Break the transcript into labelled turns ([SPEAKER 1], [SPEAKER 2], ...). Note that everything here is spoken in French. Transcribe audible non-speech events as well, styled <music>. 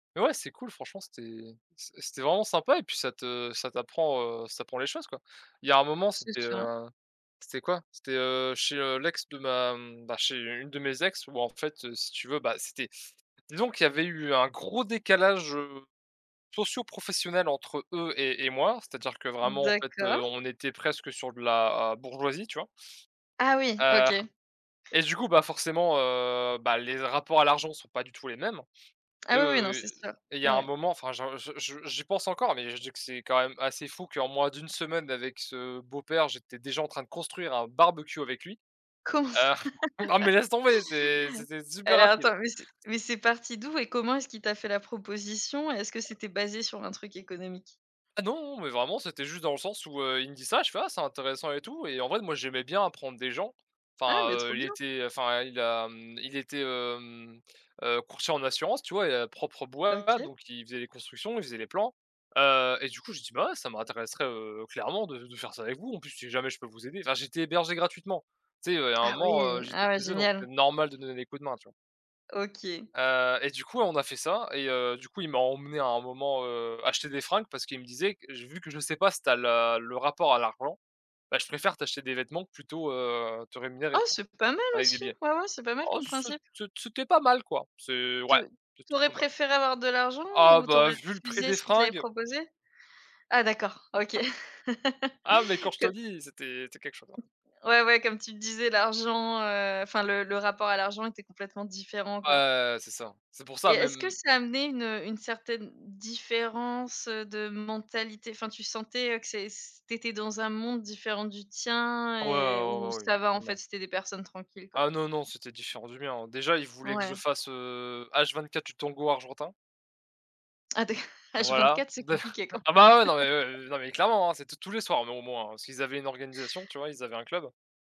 [SPEAKER 1] Mais ouais c'est cool franchement c'était, c'est c'était vraiment sympa et puis ça te ça t'apprend, heu, ça prend les choses quoi. Il y a un moment
[SPEAKER 2] C'est
[SPEAKER 1] c'était,
[SPEAKER 2] ça.
[SPEAKER 1] heu, c'était quoi? C'était, heu, chez, heu, l'ex de ma mmh bah chez une de mes ex où en fait si tu veux, bah c'était donc il y avait eu un gros décalage, heu, socio-professionnel entre eux et et moi, c'est-à-dire que vraiment en fait
[SPEAKER 2] D'accord?
[SPEAKER 1] on était presque sur de la bourgeoisie, tu vois?
[SPEAKER 2] Ah oui.
[SPEAKER 1] Heu,
[SPEAKER 2] OK.
[SPEAKER 1] et du coup bah forcément, heu, bah, les rapports à l'argent sont pas du tout les mêmes.
[SPEAKER 2] Ah oui, oui, non
[SPEAKER 1] Heu,
[SPEAKER 2] c'est sûr.
[SPEAKER 1] il y a un
[SPEAKER 2] Ouais.
[SPEAKER 1] moment, enfin j'en je je je j'y pense encore, mais je dis que c'est quand même assez fou qu'en moins de 1 semaine avec ce beau-père, j'étais déjà en train de construire un barbecue avec lui.
[SPEAKER 2] Comment ça?
[SPEAKER 1] Heu, non mais laisse tomber, c'est c'était
[SPEAKER 2] <laughs> Eh
[SPEAKER 1] super rapide!
[SPEAKER 2] attends, mais c'est mais c'est parti d'où et comment est-ce qu'il t'a fait la proposition? Est-ce que c'était basé sur un truc économique?
[SPEAKER 1] Ah non! Mais vraiment, c'était juste dans le sens où, heu, il me dit ça, je fais: «Ah c'est intéressant et tout», et en vrai, moi j'aimais bien apprendre des gens.
[SPEAKER 2] Ah
[SPEAKER 1] Enfin,
[SPEAKER 2] mais trop
[SPEAKER 1] heu, il
[SPEAKER 2] bien!
[SPEAKER 1] était, enfin, il a, mmh, il était, hem, heu, courtier en assurance, tu vois? Et à propre bois,
[SPEAKER 2] OK.
[SPEAKER 1] donc il faisait les constructions, il faisait les plans. Heu, et du coup, j'ai dit: «Bah ouais ça m'intéresserait, heu, clairement de de faire ça avec vous. En plus, si jamais je peux vous aider». Enfin j'étais hébergé gratuitement. Tu sais, heu, il y a un
[SPEAKER 2] Ah oui!
[SPEAKER 1] moment, heu, j'étais
[SPEAKER 2] Ah ouais
[SPEAKER 1] chez eux, donc c'est
[SPEAKER 2] génial!
[SPEAKER 1] normal de donner des coups de main, tu vois.
[SPEAKER 2] OK.
[SPEAKER 1] Heu, et du coup, on a fait ça et heu, du coup, il m'a emmené à un moment, heu, acheter des fringues parce qu'il me disait: «Q vu que je sais pas si tu as le le rapport à l'argent, bah je préfère t'acheter des vêtements plutôt, heu, te rémunérer».
[SPEAKER 2] Oh
[SPEAKER 1] Tu vois?
[SPEAKER 2] c'est pas mal
[SPEAKER 1] Avec des
[SPEAKER 2] aussi,
[SPEAKER 1] billets.
[SPEAKER 2] ouais, ouais, c'est pas mal
[SPEAKER 1] Oh
[SPEAKER 2] comme principe.
[SPEAKER 1] c'était c'était pas mal, quoi! C'est
[SPEAKER 2] Te
[SPEAKER 1] ouais
[SPEAKER 2] tu
[SPEAKER 1] c'était
[SPEAKER 2] aurais
[SPEAKER 1] pas mal.
[SPEAKER 2] préféré avoir de l'argent
[SPEAKER 1] Ah
[SPEAKER 2] ou tu
[SPEAKER 1] bah
[SPEAKER 2] aurais
[SPEAKER 1] vu le prix
[SPEAKER 2] refusé
[SPEAKER 1] des
[SPEAKER 2] s'il te l'avais
[SPEAKER 1] fringues!
[SPEAKER 2] proposé? Ah d'accord, OK.
[SPEAKER 1] Ah mais quand
[SPEAKER 2] <laughs>
[SPEAKER 1] je
[SPEAKER 2] Co
[SPEAKER 1] te dis, c'était c'est quelque chose hein!
[SPEAKER 2] Ouais, ouais comme tu le disais l'argent, heu, enfin le le rapport à l'argent était complètement différent, quoi.
[SPEAKER 1] Ouais c'est ça! C'est pour
[SPEAKER 2] Et
[SPEAKER 1] ça
[SPEAKER 2] est-ce que
[SPEAKER 1] même
[SPEAKER 2] ça a amené une, heu, une certaine différence, heu, de mentalité enfin tu sentais que c'est c t'étais dans un monde différent du tien
[SPEAKER 1] Ouais, ouais,
[SPEAKER 2] et
[SPEAKER 1] ouais
[SPEAKER 2] où
[SPEAKER 1] ben oui.
[SPEAKER 2] ça va en fait
[SPEAKER 1] Totalement.
[SPEAKER 2] c'étaient des personnes tranquilles, quoi?
[SPEAKER 1] Ah non, non c'était différent du mien, hein. Déjà il voulait que je
[SPEAKER 2] Ouais.
[SPEAKER 1] fasse, heu, H24 du tango argentin.
[SPEAKER 2] Ah d'acc <chuckles>
[SPEAKER 1] Voilà.
[SPEAKER 2] H24 c'est
[SPEAKER 1] D
[SPEAKER 2] compliqué, quoi!
[SPEAKER 1] ah bah ouais, non mais
[SPEAKER 2] <chuckles>
[SPEAKER 1] heu, eh non mais clairement hein, c'était tous les soirs mais au moins hein. Parce qu'ils avaient une organisation tu vois? Ils avaient un club